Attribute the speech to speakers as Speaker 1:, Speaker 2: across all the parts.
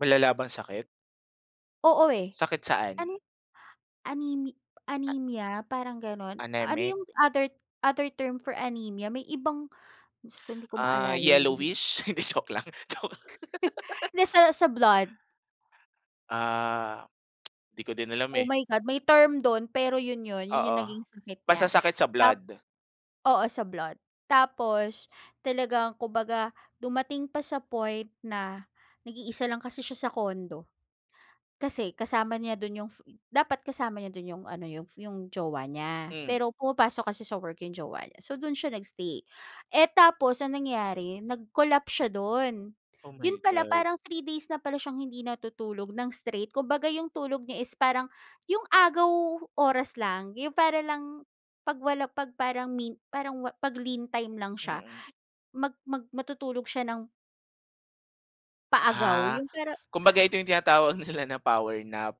Speaker 1: Malala bang sakit?
Speaker 2: Oo, eh,
Speaker 1: Sakit
Speaker 2: an
Speaker 1: saan?
Speaker 2: anemi anemia parang ganon, ano
Speaker 1: Anemic?
Speaker 2: 'yung other other term for anemia may ibang Diyos ko hindi ko
Speaker 1: Ah,
Speaker 2: maalala yun.
Speaker 1: yellowish? Hindi joke lang joke.
Speaker 2: Nasa sa blood.
Speaker 1: Ah, di ko din alam
Speaker 2: Oh,
Speaker 1: eh.
Speaker 2: my God may term dun, pero yun yun yun yung
Speaker 1: Oo,
Speaker 2: naging sakit
Speaker 1: basta
Speaker 2: niya.
Speaker 1: sakit sa
Speaker 2: Tap
Speaker 1: blood.
Speaker 2: oo, sa blood tapos talagang kumbaga dumating pa sa point na nag-iisa lang kasi siya sa condo, kasi kasama niya dun 'yung f dapat kasama niya do'n 'yong ano 'yong 'yong jowa niya.
Speaker 1: Hmm.
Speaker 2: Pero pumapasok kasi sa work 'yong jowa niya so dun siya nag-stay, eh, tapos ang nangyari nag-collapse siya do'n,
Speaker 1: Oh,
Speaker 2: 'yon
Speaker 1: my
Speaker 2: pala
Speaker 1: God.
Speaker 2: parang 3 days na pala siyang hindi natutulog ng straight kumbaga 'yong tulog niya is parang 'yung agaw oras lang, 'yon para lang 'pag wala 'pag parang me parang pag-lean time lang siya,
Speaker 1: Mm.
Speaker 2: mag mag matutulog siya ng paagaw
Speaker 1: Ah,
Speaker 2: yung pero
Speaker 1: kumbaga ito 'yung tinatawag nila na power nap.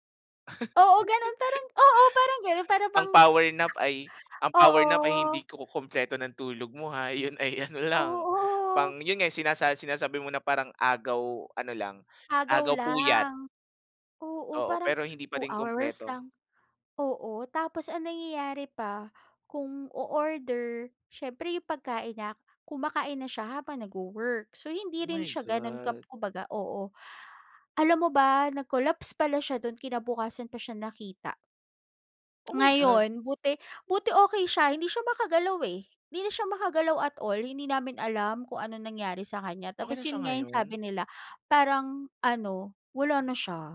Speaker 2: Oo, ganun parang oo parang ganun para bang
Speaker 1: Ang power nap ay ang power nap ay
Speaker 2: Oo.
Speaker 1: hindi kukumpleto ng tulog mo ha, yun ay ano lang,
Speaker 2: Oo.
Speaker 1: pang yun nga sinasa sinasabi mo na parang agaw ano lang
Speaker 2: Agaw
Speaker 1: agaw puyat.
Speaker 2: lang. Oo,
Speaker 1: Oo,
Speaker 2: parang
Speaker 1: pero hindi pa
Speaker 2: 2
Speaker 1: din
Speaker 2: hours
Speaker 1: kumpleto.
Speaker 2: lang oo tapos ang nangyayari pa kung o-order, siyempre 'yong pagkain na kumakain na siya habang nag-wo-work, so hindi
Speaker 1: Oh,
Speaker 2: rin
Speaker 1: my
Speaker 2: siya gano'n kap
Speaker 1: God.
Speaker 2: kumbaga oo. Alam mo ba nag-collapse pala siya do'n kinabukasan pa siya nakita.
Speaker 1: Oh, my God!
Speaker 2: Ngayon, buti buti okey siya, hindi siya makagalaw, eh, hindi na siya makagalaw at all hindi namin alam kung anong nangyari sa kanya.
Speaker 1: Okey
Speaker 2: Tapos
Speaker 1: na siya
Speaker 2: 'yun nga 'yung
Speaker 1: ngayon?
Speaker 2: sabi nila parang ano wala na siya.